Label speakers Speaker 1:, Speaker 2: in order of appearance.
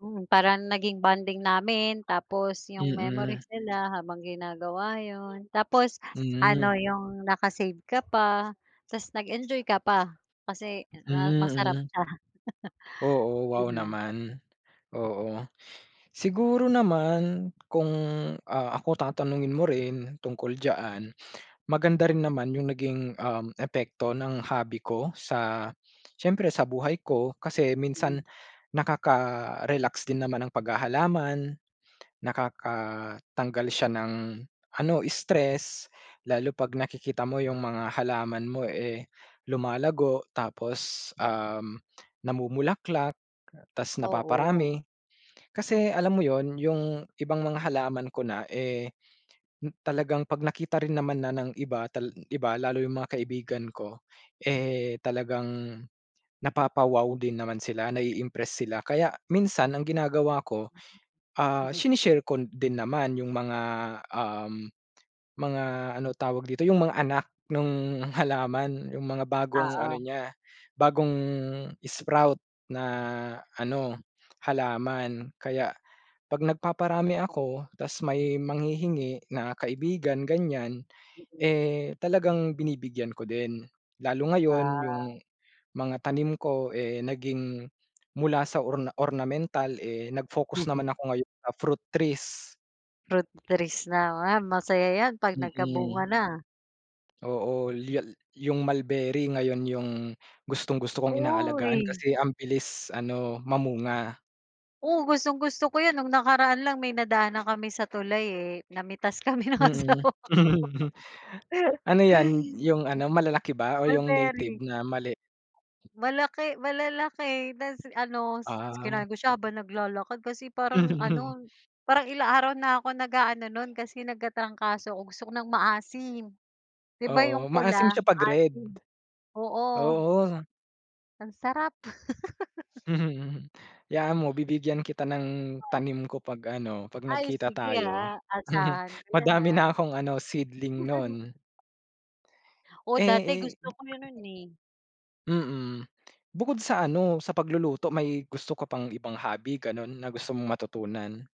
Speaker 1: Hmm, parang naging bonding namin. Tapos yung
Speaker 2: Mm.
Speaker 1: memories nila habang ginagawa yun. Tapos
Speaker 2: Hmm.
Speaker 1: ano, yung naka-save ka pa. Tapos nag-enjoy ka pa kasi masarap
Speaker 2: Mm.
Speaker 1: siya.
Speaker 2: Oo, wow
Speaker 1: Gano'n.
Speaker 2: naman. Oo. Siguro naman kung, ah, ako tatanungin mo rin tungkol diyaan, maganda rin naman yung naging, um, epekto ng hobby ko sa siyempre sa buhay ko. Kasi
Speaker 1: Hmm.
Speaker 2: minsan nakaka-relax din naman ang paghahalaman, nakakatanggal siya ng ano, stress lalo 'pag nakikita mo yung mga halaman mo eh, lumalago. Tapos, um, namumulaklak ta's
Speaker 1: Oo.
Speaker 2: napaparami. Kasi, alam mo yun, yung ibang mga halaman ko na eh, talagang 'pag nakita rin naman na ng iba, tal iba, lalo yung mga kaibigan ko, eh, talagang napapa-wow din naman sila nai-impress sila. Kaya minsan ang ginagawa ko,
Speaker 1: Mm.
Speaker 2: ah,
Speaker 1: Mm.
Speaker 2: sine-share ko din naman yung mga, um, mga, ano tawag dito, yung mga anak nung halaman. Yung mga bagong ano
Speaker 1: Oo.
Speaker 2: niya, bagong sprout na ano, halaman. Kaya 'pag nagpaparami ako ta's may manghihingi na kaibigan, ganiyan,
Speaker 1: Mm.
Speaker 2: eh, talagang binibigyan ko din. Lalo ngayon yung
Speaker 1: Ah.
Speaker 2: mga tanim ko eh, naging mula sa orna ornamental eh, nag-focus naman
Speaker 1: Mhm.
Speaker 2: ako ngayon sa fruit trees.
Speaker 1: Fruit trees naman, masaya yan 'pag nagkabunga
Speaker 2: Mm.
Speaker 1: na.
Speaker 2: Oo, [unintelligible] yung Mulberry, ngayon yung gustong-gusto kong inaalagaan
Speaker 1: Uy.
Speaker 2: kasi ang bilis ano, mamunga.
Speaker 1: Oh, gustong-gusto ko yun. Nung nakaraan lang may nadaanan kami sa tulay eh, namitas kami ng
Speaker 2: Mm.
Speaker 1: asawa ko.
Speaker 2: Ano yan,
Speaker 1: Hay.
Speaker 2: yung ano, malalaki ba o yung native
Speaker 1: Mulberry.
Speaker 2: na maliit?
Speaker 1: Malaki, malalaki na ano,
Speaker 2: Ah.
Speaker 1: kinain ko siya habang naglalakad kasi parang
Speaker 2: Hmm.
Speaker 1: ano, parang ilang araw na ako nag-aano nun kasi nagkatrangkaso 'ko gusto ko ng maasim. Di ba
Speaker 2: Oo,
Speaker 1: yung
Speaker 2: maasim
Speaker 1: pula,
Speaker 2: siya 'pag red.
Speaker 1: maasim? Oo.
Speaker 2: Oo.
Speaker 1: Ang sarap.
Speaker 2: Mhm, mhm. 'Yaan mo bibigyan kita ng
Speaker 1: [unintelligible]
Speaker 2: tanim ko 'pag ano, 'pag
Speaker 1: Ay,
Speaker 2: nagkita
Speaker 1: sige
Speaker 2: tayo.
Speaker 1: ah, asahan ko yan
Speaker 2: Madami
Speaker 1: ah.
Speaker 2: na akong ano, seedling nun.
Speaker 1: Oo,
Speaker 2: Eh
Speaker 1: dati
Speaker 2: eh
Speaker 1: gusto ko
Speaker 2: eh.
Speaker 1: yun nun eh.
Speaker 2: Mm, bukod sa ano, sa pagluluto, may gusto ka pang ibang hobby gano'n na gusto mong matutunan?